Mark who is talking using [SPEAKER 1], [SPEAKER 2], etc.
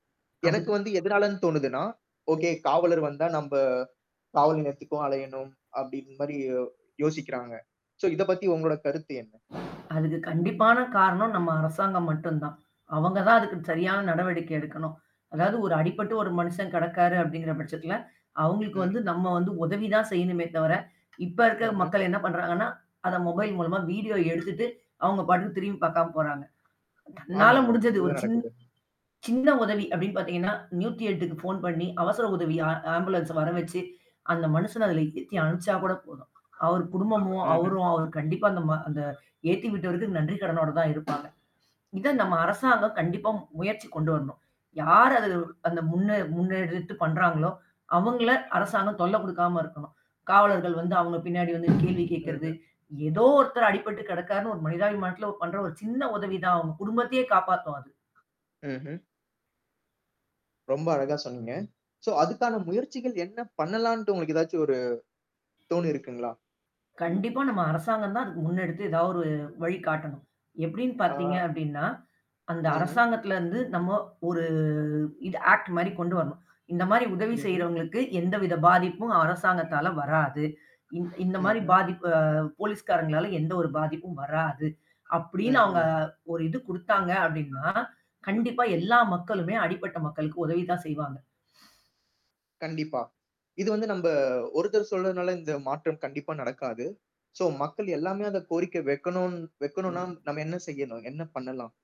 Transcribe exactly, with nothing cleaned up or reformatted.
[SPEAKER 1] எனக்கு
[SPEAKER 2] அதுக்கு
[SPEAKER 1] வந்து எதனாலன்னு தோணுதுன்னா, ஓகே, காவலர் வந்தா நம்ப, காவல் நிலையத்துக்கும் அலையணும், அப்பிடின்னுமாரி யோசிக்கிறாங்க. சோ, இதப் பத்தி உங்களோட கருத்து என்ன?
[SPEAKER 2] அதுக்கு கண்டிப்பான காரணம் நம்ம அரசாங்கம் மட்டும் தான். அவங்க தான் அதுக்கு சரியான நடவடிக்கை எடுக்கணும். அதாவது ஒரு அடிபட்டு ஒரு மனுஷன் கெடக்காரு அப்பிடிங்கிற பட்சத்துல, அவுங்களுக்கு வந்து
[SPEAKER 1] ம்.
[SPEAKER 2] நம்ம வந்து உதவி தான் செய்யணுமே தவிர, இப்ப இருக்கிற
[SPEAKER 1] ம்ஹ்ம்.
[SPEAKER 2] மக்கள் என்ன பண்றாங்கன்னா, அத மொபைல் மூலமா வீடியோ எடுத்துட்டு, அவுங்க பாட்டுக்கு திரும்பி பார்க்காம போறாங்க. உன்னால
[SPEAKER 1] ஆமாங்க.
[SPEAKER 2] முடிஞ்சது ஒரு
[SPEAKER 1] இதுதான்
[SPEAKER 2] சின்
[SPEAKER 1] நடக்குது.
[SPEAKER 2] சின்ன உதவி அப்பிடின்னு பார்த்தீங்கன்னா, நூத்தி எட்டுக்கு போன் பண்ணி, அவசர உதவி ஆ ஆம்புலன்ஸ வரவச்சு, அந்த மனுஷன அதில ஏத்தி அனுப்பிச்சா கூட போதும். அவரு குடும்பமும்,
[SPEAKER 1] ம்ஹ்ம்.
[SPEAKER 2] அவரும் கண்டிப்பா அந்த ம ஏத்தி விட்டவருக்கு நன்றி கடனோட தான் இருப்பாங்க. இத நம்ம அரசாங்கம் கண்டிப்பா முயற்சி கொண்டு வரணும். யார் அது அந்த முன்ன முன்னெடுத்து பண்றாங்களோ! அவுங்கள அரசாங்கம் தொல்ல குடுக்காம இருக்கணும். காவலர்கள் வந்து அவுங்க பின்னாடி வந்து கேள்வி கேட்கிறது,
[SPEAKER 1] ம்ஹ்ம்.
[SPEAKER 2] ஏதோ ஒருத்தரு அடிபட்டு கெடக்காருன்னு ஒரு மனிதாபிமானத்தில பண்ற ஒரு சின்ன உதவி தான், அவுங்க குடும்பத்தையே காப்பாத்தும் அது.
[SPEAKER 1] ம்ஹ்ம். ரொம்ப அழகா சொன்னீங்க. சோ, அதுக்கான முயற்சிகள் என்ன பண்ணலான்ட்டு உங்களுக்கு எதாச்சும் ஒரு தோணியிருக்கங்களா?
[SPEAKER 2] கண்டிப்பா நம்ம அரசாங்கம் தான் அதுக்கு முன்னெடுத்து எதா ஒரு வழி காட்டணும். எப்பிடின்னு
[SPEAKER 1] ஆ,
[SPEAKER 2] பார்த்தீங்க அப்பிடின்னா, அந்த
[SPEAKER 1] ம்ஹ்ம்.
[SPEAKER 2] அரசாங்கத்தில இருந்து நம்ம ஒரு இது ஆக்ட் மாரி கொண்டு வரணும். இந்தமாரி உதவி
[SPEAKER 1] ம்ஹ்ம்.
[SPEAKER 2] செய்றவங்களுக்கு எந்தவித பாதிப்பும் அரசாங்கத்தால வராது. இ இந்தமாரி
[SPEAKER 1] ம்ஹ்ம்.
[SPEAKER 2] பாதிப்பு போலீஸ்காரங்களால எந்த ஒரு பாதிப்பும் வராது. அப்பிடின்னு
[SPEAKER 1] ம்,
[SPEAKER 2] அவுங்க
[SPEAKER 1] ம்.
[SPEAKER 2] ஒரு இது கொடுத்தாங்க அப்டின்னா, கண்டிப்பா எல்லா மக்களுமே அடிப்பட்ட மக்களுக்கு உதவிதான் செய்வாங்க.
[SPEAKER 1] கண்டிப்பா. இது வந்து நம்ப ஒருத்தர் சொல்றதுனால இந்த மாற்றம் கண்டிப்பா நடக்காது. சோ மக்கள் எல்லாமே அந்த கோரிக்கை வைக்கணுன் வைக்கணுனா நம்ம என்ன செய்யணும்? என்ன பண்ணலாம்?